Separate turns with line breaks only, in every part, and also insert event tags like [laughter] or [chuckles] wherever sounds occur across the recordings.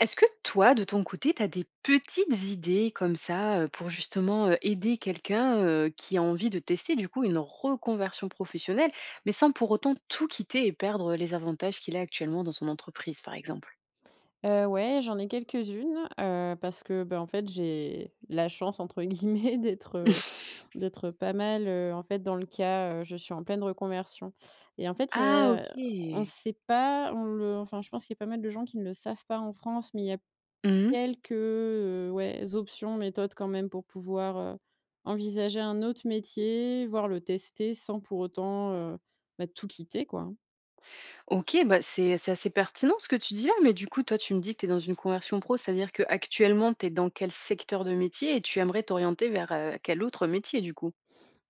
Est-ce que toi de ton côté, tu as des petites idées comme ça, heu, pour justement, heu, aider quelqu'un, heu, qui a envie de tester du coup une reconversion professionnelle mais sans pour autant tout quitter et perdre, heu, les avantages qu'il a actuellement dans son entreprise, par exemple?
Heu, ouais, j'en ai quelques-unes, heu, parce que bah, en fait j'ai la «chance» entre guillemets, d'être, heu,
[chuckles]
d'être, heu, pas mal en fait dans le cas, heu, je suis en pleine reconversion et en fait,
Ah,
heu on
OK.
sait pas, on le enfin je pense qu'il y a pas mal de gens qui ne le savent pas en France, mais il y a
Mmh mh.
quelques, heu, ouais, options, méthodes quand même pour pouvoir, heu, envisager un autre métier, voir le tester sans pour autant, heu, ben tout quitter, quoi hein.
OK bah c'est c'est assez pertinent ce que tu dis là, mais du coup toi, tu me dis que tu es dans une conversion pro, c'est-à-dire qu'actuellement tu es dans quel secteur de métier et tu aimerais t'orienter vers, heu, quel autre métier du coup?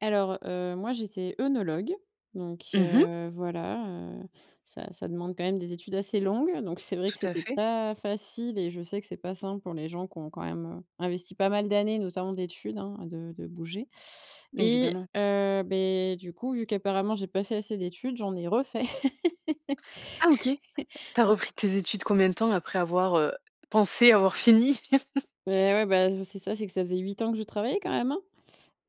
Alors, heu, moi j'étais oenologue donc
Mmh mh.
heu, voilà, heu, ça ça demande quand même des études assez longues donc c'est vrai que
Tout à
c'était
fait.
pas facile et je sais que c'est pas simple pour les gens qui ont quand même, heu, investi pas mal d'années, notamment d'études hein, de de bouger et
Évidemment.
heu beh, du coup vu qu'apparemment j'ai pas fait assez d'études, j'en ai refait.
Ah OK.
[laughs]
Tu as
Donc
repris tes études combien de temps après avoir, heu, pensé avoir fini? [chuckles]
Ouais, ouais bah je c'est ça, c'est que ça faisait 8 ans que je travaillais quand même, hein.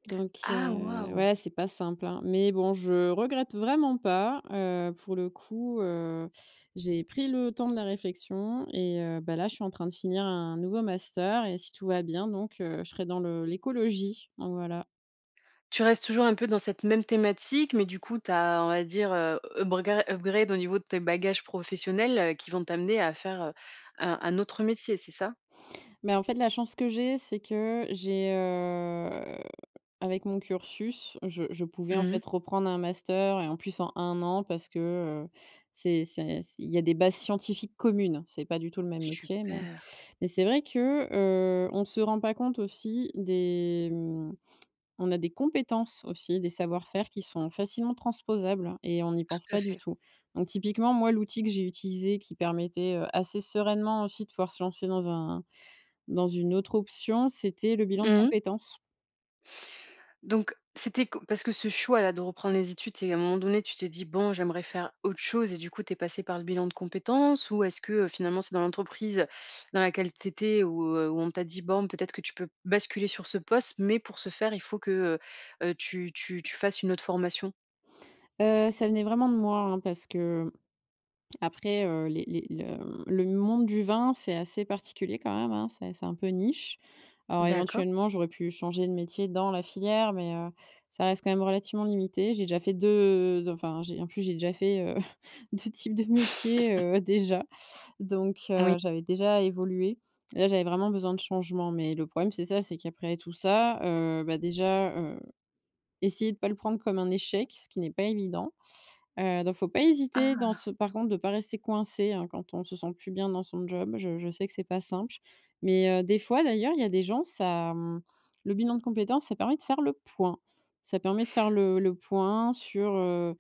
Donc
Ah
heu,
waouh!
ouais, c'est pas simple, hein. Mais bon je regrette vraiment pas, heu, pour le coup, heu, j'ai pris le temps de la réflexion et heu bah là, je suis en train de finir un nouveau master et si tout va bien donc heu, je serai dans le l'écologie. Donc voilà.
Tu restes toujours un peu dans cette même thématique, mais du coup, tu as, on va dire, heu, ubriga upgrade au niveau de tes bagages professionnels, qui vont t'amener à faire, heu, un-un autre métier, c'est ça?
Bah en fait, la chance que j'ai, c'est que j'ai, heu, avec mon cursus, je je pouvais, en
Mmh mh.
fait, reprendre un master et en plus, en 1 an parce que, heu, c'est c'est c il y a des bases scientifiques communes, c'est pas du tout le même métier, mais
Super!
mais c'est vrai que, heu, on se rend pas compte aussi des, mmh on a des compétences aussi, des savoir-faire qui sont facilement transposables et on n'y pense
Tout à
pas du
fait.
tout, donc typiquement, moi, l'outil que j'ai utilisé qui permettait, heu, assez sereinement aussi de pouvoir se lancer dans un dans une autre option, c'était le bilan de
Mmh mh.
compétence.
Donc, c'était que parce que ce choix-là, de reprendre les études, c'est à un moment donné, tu t'es dit: «Bon, j'aimerais faire autre chose», et du coup, tu es passée par le bilan de compétences? Ou est-ce que, heu, finalement, c'est dans l'entreprise dans laquelle tu étais ou heu, où on t'a dit: «Bon, peut-être que tu peux basculer sur ce poste, mais pour ce faire, il faut que, heu heu, tu tu tu fasses une autre formation»?
Heu, ça venait vraiment de moi hein, parce que, après, heu, les les le le monde du vin, c'est assez particulier quand même hein? C'est c'est un peu niche. Alors
D'accord.
éventuellement j'aurais pu changer de métier dans la filière mais, heu, ça reste quand même relativement limité. J'ai déjà fait 2 de enfin, j'ai en plus, j'ai déjà fait, heu, [chuckles] 2 types de métier, heu,
[chuckles]
déjà donc, heu,
Oui.
j'avais déjà évolué. Là j'avais vraiment besoin de changement, mais le problème c'est ça, c'est qu'après tout ça, heu, ben, déjà, heu, essayer de pas le prendre comme un échec, ce qui n'est pas évident. Heu, donc faut pas hésiter dans
Ah!
ce par contre de pas rester coincé hein, quand on se sent plus bien dans son job, je je sais que c'est pas simple. Mais, heu, des fois d'ailleurs, il y a des gens, ça, mmh, le bilan de compétence, ça permet de faire le point. Ça permet de faire le le point sur, heu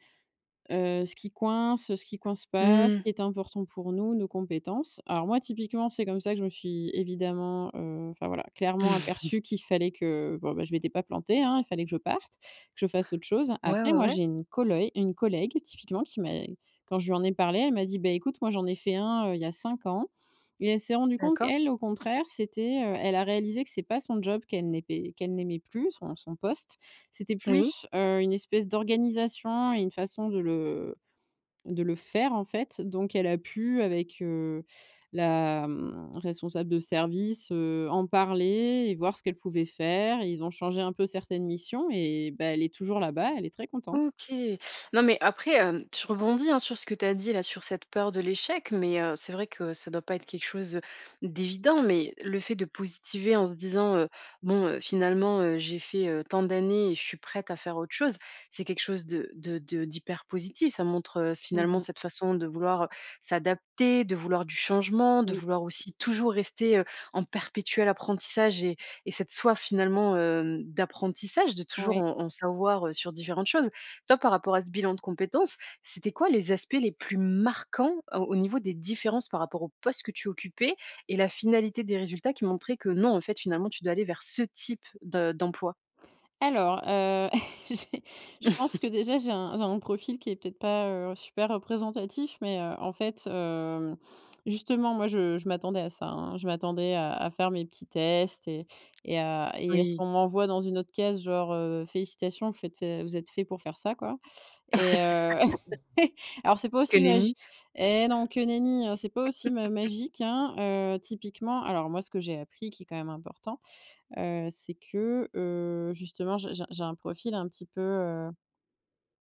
heu, ce qui coince, ce qui coince pas, ce
Mmh.
qui est important pour nous, nos compétences. Alors moi, typiquement, c'est comme ça que je me suis évidemment, heu enfin voilà, clairement
[chuckles]
aperçu qu'il fallait que bon bah, je m'étais pas plantée hein, il fallait que je parte, que je fasse autre chose.
Ouais,
Après,
ouais,
moi,
ouais.
j'ai une coloï une collègue typiquement qui m'a quand je lui en ai parlé, elle m'a dit: «Beh, écoute, moi, j'en ai fait un, heu, il y a cinq ans» et elle s'est rendu compte,
D'accord.
qu'elle, au contraire, c'était, heu elle a réalisé que c'est pas son job qu'elle n'aimait qu'elle n'aimait plus, son son poste. C'était
Oui.
plus, heu, une espèce d'organisation et une façon de le de le faire en fait donc elle a pu avec, heu, la, mmh, responsable de service, heu, en parler et voir ce qu'elle pouvait faire et ils ont changé un peu certaines missions et bah, elle est toujours là-bas, elle est très contente.
OK. Non, mais après, hem, je rebondis hein, sur ce que tu as dit, là, sur cette peur de l'échec, mais heu, c'est vrai que ça doit pas être quelque chose d'évident, mais le fait de positiver en se disant, heu: «Bon, heu, finalement heu, j'ai fait, heu, tant d'années et je suis prête à faire autre chose», c'est quelque chose de de de d'hyper positif. Ça montre, heu, s
Mmh
finalement
mh.
cette façon de vouloir, heu, s'adapter, de vouloir du changement, de
Oui.
vouloir aussi toujours rester, heu, en perpétuel apprentissage et et cette soif finalement, hem, d'apprentissage, de toujours
Ouais.
en en savoir, heu, sur différentes choses. Toi, par rapport à ce bilan de compétence, c'était quoi les aspects les plus marquants au au niveau des différences par rapport aux postes que tu occupais et la finalité des résultats qui montraient que, non, en fait, finalement, tu dois aller vers ce type de d'emploi?
Alors, heu, [chuckles] j'ai je pense que
[chuckles]
déjà j'ai un j'ai un profil qui est peut-être pas, heu, super représentatif, mais heu, en fait hem, justement moi je je m'attendais à ça hein. Je m'attendais à à faire mes petits tests et et à et à ce
Oui.
qu'on m'envoie dans une autre case genre, heu: «Félicitations, vous faites, heu, vous êtes fait pour faire ça» quoi et heu [laughs]
[laughs]
alors c'est pas
Que
aussi magi
nenni.
eh non, que nenni, hein, c'est pas aussi ma
[chuckles]
magique hein, heu, typiquement alors moi ce que j'ai appris qui est quand même important, heu, c'est que, heu, justement, j'ai j'ai j'ai un profil un petit peu, heu,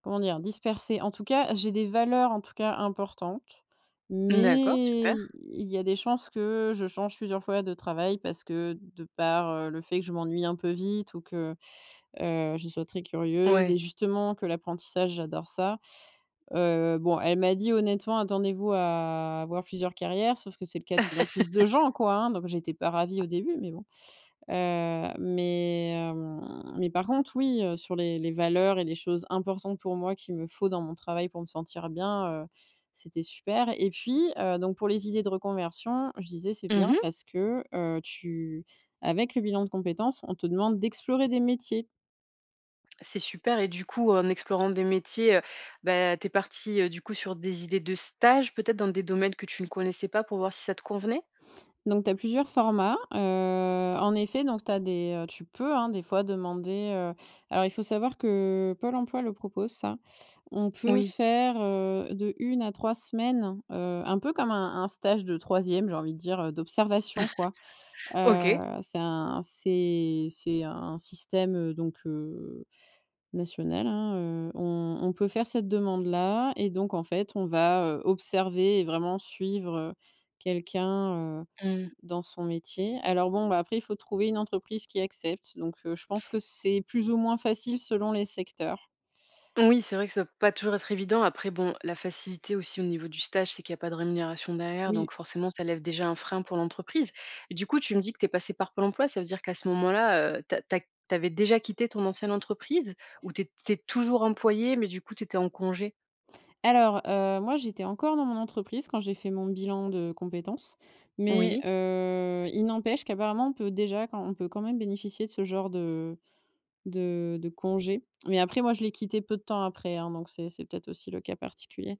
comment dire? Dispersé. En tout cas, j'ai des valeurs en tout cas importantes,
D'accord,
mais
super.
i il y a des chances que je change plusieurs fois de travail parce que de par, heu, le fait que je m'ennuie un peu vite, ou que, heu, je sois très curieuse
Ouais.
et justement que l'apprentissage, j'adore ça. Heu, bon, elle m'a dit honnêtement: «Attendez-vous à avoir plusieurs carrières», sauf que c'est le cas de plus en plus de gens
[laughs]
quoi hein. Donc, j'étais pas ravie au début, mais bon. Heu, mais, hem, mais par contre oui, heu, sur les les valeurs et les choses importantes pour moi qu'il me faut dans mon travail pour me sentir bien, heu, c'était super et puis, heu, donc pour les idées de reconversion, je disais c'est
Mmh
bien
mh.
parce que heu, tu avec le bilan de compétences, on te demande d'explorer des métiers.
C'est super et du coup, en explorant des métiers, heu, beh tu es partie, heu, du coup sur des idées de stage, peut-être dans des domaines que tu ne connaissais pas pour voir si ça te convenait?
Donc tu as plusieurs formats. Heu, en effet donc tu as des, heu tu peux, hein, des fois demander, heu alors il faut savoir que Pôle emploi le propose ça. On peut
Oui.
faire, heu, de 1 à 3 semaines, heu, un peu comme un un stage de troisième, j'ai envie de dire, heu, d'observation, quoi.
[chuckles]
Heu,
OK.
c'est un c'est c'est un système donc heu, national hein, heu, on on peut faire cette demande-là et donc en fait, on va, heu, observer et vraiment suivre, heu, quelqu'un, heu,
Mmh mh.
dans son métier. Alors bon bah après, il faut trouver une entreprise qui accepte donc heu, je pense que c'est plus ou moins facile selon les secteurs.
Oui, c'est vrai que ça doit pas toujours être évident. Après bon, la facilité aussi au niveau du stage, c'est qu'il y a pas de rémunération derrière,
Oui.
donc forcément, ça lève déjà un frein pour l'entreprise et du coup, tu me dis que tu es passée par Pôle emploi. Ça veut dire qu'à ce moment-là, heu, tu as tu as tu avais déjà quitté ton ancienne entreprise ou tu es tu es toujours employée, mais du coup, tu étais en congé?
Alors, heu, moi j'étais encore dans mon entreprise quand j'ai fait mon bilan de compétences mais
Oui.
heu, il n'empêche qu'apparemment on peut déjà quand on peut quand même bénéficier de ce genre de de de congé. Mais après moi je l'ai quitté peu de temps après hein donc c'est c'est peut-être aussi le cas particulier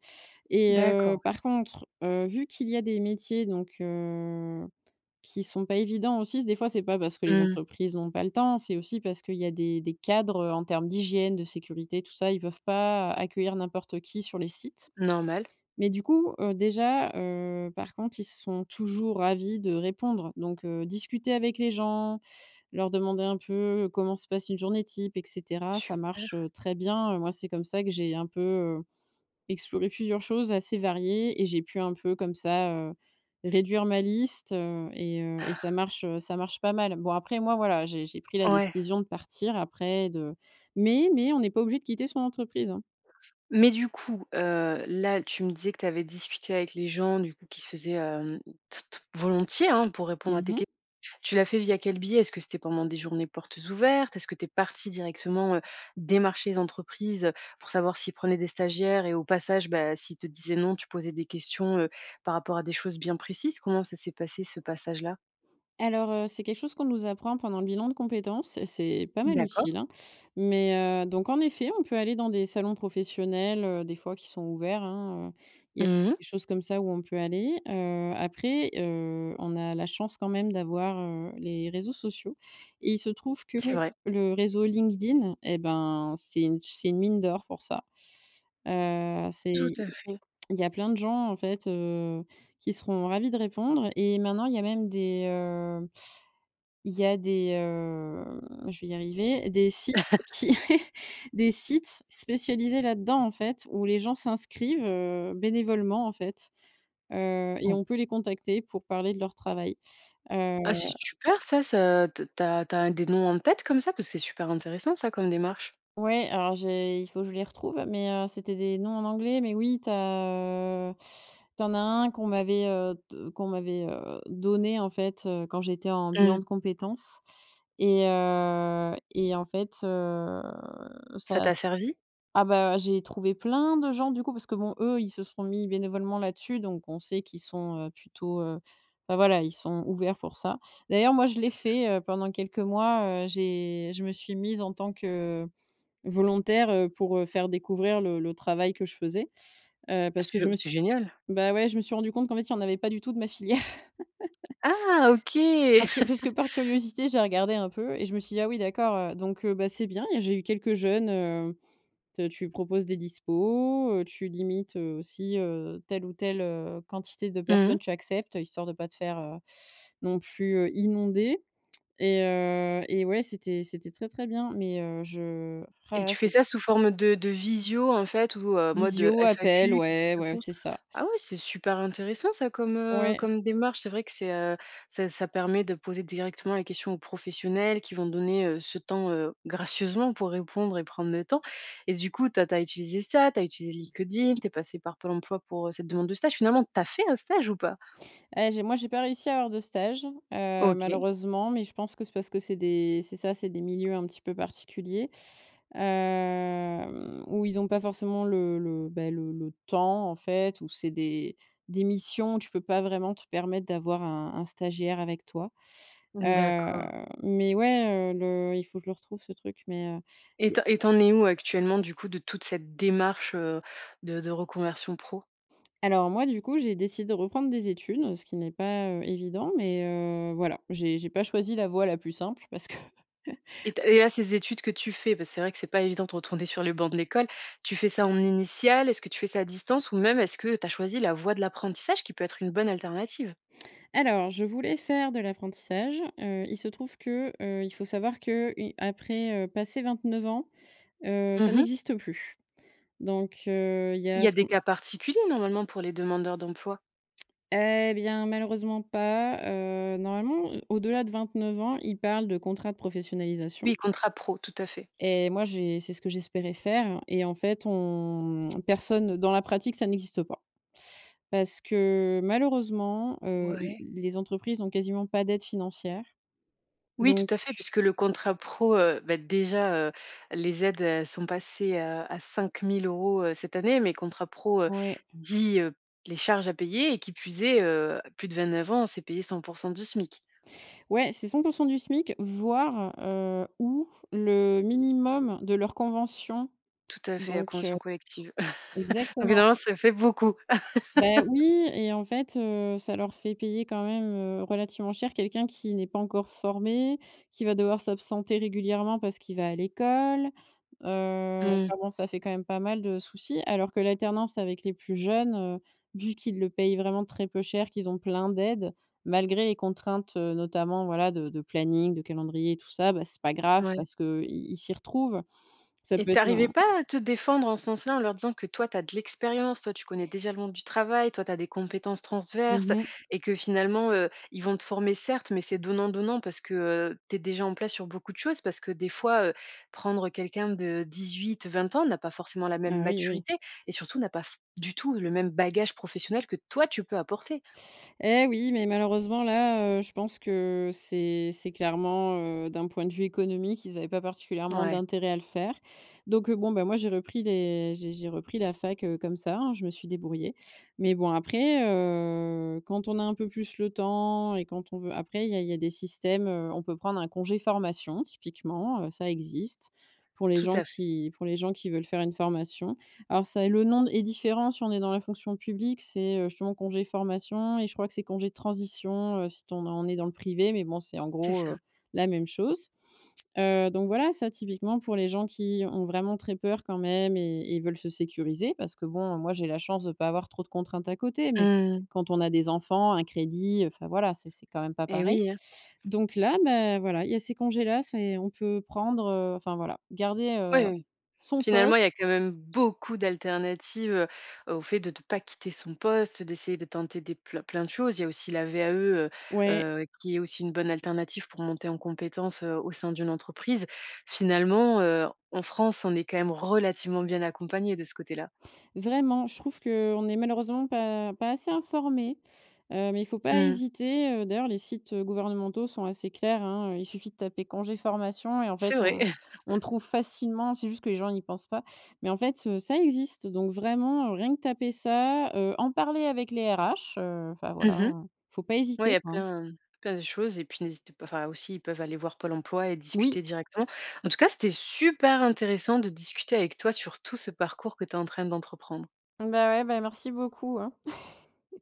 et
D'accord,
heu,
ouais.
par contre, heu, vu qu'il y a des métiers donc, heu, qui sont pas évidents aussi, des fois c'est pas parce que les
Mmh.
entreprises ont pas le temps, c'est aussi parce qu'il y a des des cadres, heu, en termes d'hygiène, de sécurité et tout ça, ils peuvent pas accueillir n'importe qui sur les sites.
Normal.
Mais du coup heu, déjà, heu, par contre ils sont toujours ravis de répondre donc, heu, discuter avec les gens, leur demander un peu comment se passe une journée type et cetera, ça marche,
Super.
heu, très bien moi c'est comme ça que j'ai un peu, heu, exploré plusieurs choses assez variées et j'ai pu un peu comme ça, heu, réduire ma liste, heu et heu et ça
[chuckles]
marche ça marche pas mal. Bon après moi voilà, j'ai j'ai pris la
Ouais.
décision de partir après de mais mais on n'est pas obligé de quitter son entreprise, hein.
Mais du coup heu là, tu me disais que tu avais discuté avec les gens du coup qui se faisaient, hem, t t volontiers, hein pour répondre à
Mmh
tes que
mh.
tu l'as fait via quel biais? Est-ce que c'était pendant des journées portes ouvertes? Est-ce que tu es partie directement, heu, démarcher les entreprises, heu, pour savoir s'ils prenaient des stagiaires et au passage, bah s'ils te disaient non, tu posais des questions, heu, par rapport à des choses bien précises, comment ça s'est passé ce passage là?
Alors heu, c'est quelque chose qu'on nous apprend pendant le bilan de compétences et c'est pas mal
D'accord.
utile hein, mais heu, donc en effet, on peut aller dans des salons professionnels, heu, des fois qui sont ouverts hein, heu, il y a
Mmh mh.
des choses comme ça où on peut aller, heu, après, heu, on a la chance quand même d'avoir, heu, les réseaux sociaux et il se trouve que
C'est vrai.
le réseau LinkedIn et ben c'est u c'est une mine d'or pour ça, heu,
Tout
c'est
à fait.
il y a plein de gens en fait, heu, qui seront ravis de répondre et maintenant il y a même des, heu, il y a des, hem je vais y arriver, des sites qui
[chuckles]
des sites spécialisés là-dedans, en fait où les gens s'inscrivent, heu, bénévolement en fait, heu et
[unintelligible]
on peut les contacter pour parler de leur travail, heu
Ah c'est super ça, ça t tu as tu as des noms en tête comme ça, parce que c'est super intéressant ça comme démarche.
Ouais, alors j'ai il faut je les retrouve, mais heu, c'était des noms en anglais, mais oui, tu as, heu, tu en as 1 qu'on m'avait, heu de qu'on m'avait, heu, donné en fait, heu, quand j'étais en
Mmh.
bilan de compétences et heu et en fait, heu,
Ça
ça
t'a
s
servi?
ah bah j'ai trouvé plein de gens du coup, parce que bon, eux, ils se sont mis bénévolement là-dessus donc on sait qu'ils sont, heu, plutôt heu bah voilà ils sont ouverts pour ça. D'ailleurs, moi je l'ai
[unintelligible]
fait, heu, pendant quelques mois, heu j'ai je me suis mise en tant que volontaire, heu, pour, heu, faire découvrir le le travail que je faisais, heu,
Ah
parce
c
que
je
je me
c'est
suis
génial.
bah ouais, je me suis rendu compte qu'en fait, il y en avait pas du tout de ma filière [chuckles]
Ah, OK.
par que parce que par
[chuckles]
curiosité, j'ai regardé un peu et je me suis dit: «Ah oui d'accord, heu, donc heu, bah c'est bien». Et j'ai eu quelques jeunes, heu, t tu proposes des dispos, heu, tu limites, heu, aussi, heu, telle ou telle, heu, quantité de
Mmh
personnes
mh.
tu acceptes histoire de pas te faire, heu, non plus, heu, inondé et heu et ouais c'était c'était très, très bien mais heu, je roh
Et
là là
tu fais
c'est
ça sous forme de de visio en fait ou heu, mode
Visio, appel,
FAQ question
ouais, ouais,
réponse
c'est ça.
ah ouais c'est super intéressant ça comme, heu,
Ouais.
comme démarche. C'est vrai que c'est, heu, ça ça permet de poser directement les questions aux professionnels qui vont donner, heu, ce temps, heu, gracieusement pour répondre et prendre le temps et du coup, tu as tu as utilisé ça, tu as utilisé LinkedIn, tu es passée par Pôle emploi pour cette demande de stage. Finalement, tu as fait un stage ou pas?
Eh j'ai moi j'ai pas réussi à avoir de stage, heu,
OK.
malheureusement, mais je pense que c'est parce que c'est des c'est ça, c'est des milieux un petit peu particuliers, hem, où ils ont pas forcément le le bah le le temps en fait où c'est des des missions, tu peux pas vraiment te permettre d'avoir un un stagiaire avec toi, heu,
D'accord.
mais ouais, heu, le il faut je le retrouve ce truc mais, heu,
Et
il y
tu
a
en et tu en es où actuellement du coup de toute cette démarche, heu, de de reconversion pro?
Alors moi du coup, j'ai décidé reprendre des études, ce qui n'est pas, heu, évident mais heu, voilà, j'ai j'ai pas choisi la voie la plus simple parce que [chuckles]
Et tu as et là, ces études que tu fais, parce que c'est vrai que c'est pas évident de retourner sur les bancs de l'école. Tu fais ça en initial, est-ce que tu fais ça à distance ou même est-ce que tu as choisi la voie de l'apprentissage qui peut être une bonne alternative?
Alors, je voulais faire de l'apprentissage, heu, il se trouve que, heu, il faut savoir que, heu, i après, heu, passer 29 ans, heu, ça
Mmh mh.
n'existe plus. Donc heu, il y
Il
a
y a
ce
des
qu'on
cas particuliers normalement pour les demandeurs d'emploi?
Eh bien malheureusement pas, heu, normalement, heu, au-delà de 29 ans, il parle de contrat de professionnalisation
Oui, contrat pro, tout à fait.
et moi j'ai c'est ce que j'espérais faire et en fait on mmh, personne dans la pratique, ça n'existe pas. Parce que malheureusement, heu, i
Ouais.
l les entreprises ont quasiment pas d'aide financière.
Oui tout
Donc
à fait, puisque le contrat pro, heu, bah déjà, heu, les aides, elles sont passées, heu, à 5 000 € cette année, mais contrat pro, heu,
Oui.
dit, heu, les charges à payer et qui plus est, heu, plus de 29 ans, c'est payé 100 % du SMIC.
Ouais, c'est 100 % du SMIC voir, heu, ou le minimum de leur convention
Tout à fait, la
donc heu,
convention collective. [chuckles] Donc
exactement.
finalement ça fait beaucoup.
Bah oui
[laughs]
et en fait, heu, ça leur fait payer quand même, heu, relativement cher quelqu'un qui n'est pas encore formé, qui va devoir s'absenter régulièrement parce qu'il va à l'école, heu,
Mmh.
enfin bon ça fait quand même pas mal de soucis. Alors que l'alternance avec les plus jeunes, heu, vu qu'ils le payent vraiment très peu cher qu'ils ont plein d'aide, malgré les contraintes, heu, notamment voilà de de planning, de calendrier et tout ça, bah c'est pas grave
Ouais.
parce que, heu, i ils s'y retrouvent. Ça
Et
peut
tu
être
arrivais
un
pas à te défendre en ce sens-là, en leur disant que toi, tu as de l'expérience, toi, tu connais déjà le monde du travail, toi, tu as des compétences
Mmh
transverses, tu as
mh.
et que finalement, heu, ils vont te former certes, mais c'est donnant-donnant parce que, heu, tu es déjà en place sur beaucoup de choses. Parce que des fois, heu, prendre quelqu'un de 18-20 ans n'a pas forcément la même
Ah oui, oui.
maturité et surtout n'a pas f du tout le même bagage professionnel que toi tu peux apporter.
Eh oui mais malheureusement là, heu, je pense que c'est c'est clairement, heu, d'un point de vue économique, ils avaient pas
N
particulièrement
ouais.
d'intérêt à le faire. Donc bon, bah moi j'ai repris les j'ai j'ai repris la fac, heu, comme ça hein. Je me suis débrouillée. Mais bon après heu, quand on a un peu plus le temps et quand on veut après il y a il y a des systèmes, heu, on peut prendre un congé formation typiquement, heu, ça existe, pour les
Tout
gens
à fait.
qui pour les gens qui veulent faire une formation. Alors ça le nom d est différent si on est dans la fonction publique, c'est, heu, justement congé de formation et je crois que c'est congé de transition, heu, si t on est on est dans le privé mais bon c'est en
C'est
gros,
ça.
heu, la même chose, heu, donc voilà ça typiquement pour les gens qui ont vraiment très peur quand même et et ils veulent se sécuriser parce que bon moi j'ai la chance de ne pas avoir trop de contraintes à côté, mais
Mmh.
quand on a des enfants, un crédit, enfin voilà, c'est c'est quand même pas
Eh
pareil.
oui hein.
Donc là, bah voilà, il y a ces congés-là, c'est on peut prendre, heu, enfin voilà, garder,
Ouais,
heu,
oui, oui, oui.
son
Finalement, il y
poste
a quand même beaucoup d'alternatives, heu, au fait de de pas quitter son poste, d'essayer de tenter des plein plein de choses. Il y a aussi la VAE, heu
Ouais.
heu, qui est aussi une bonne alternative pour monter en compétence, heu, au sein d'une entreprise. Finalement, heu, en France, on est quand même relativement bien accompagnés de ce côté-là.
Vraiment, je trouve qu'on n'est malheureusement pas pas assez informé, heu, mais il faut pas
Mmh mh.
hésiter, heu, d'ailleurs les sites gouvernementaux sont assez clairs, hein. Il suffit de taper «congé formation» et en
C'est
fait,
vrai.
on on trouve
[chuckles]
facilement, c'est juste que les gens y pensent pas. Mais en fait, heu, ça existe donc vraiment rien que taper ça, heu, en parler avec les RH, heu, enfin
Mmh
voilà
mh.
hein. Faut pas
Ouais, il
hésiter,
y a
quoi hein.
plein plein de choses et puis n'hésitez pas enfin aussi, ils peuvent aller voir Pôle Emploi et
Oui.
discuter directement. En tout cas, c'était super intéressant de discuter avec toi sur tout ce parcours que tu es en train d'entreprendre.
Bah ouais, bah merci beaucoup, hein. [chuckles]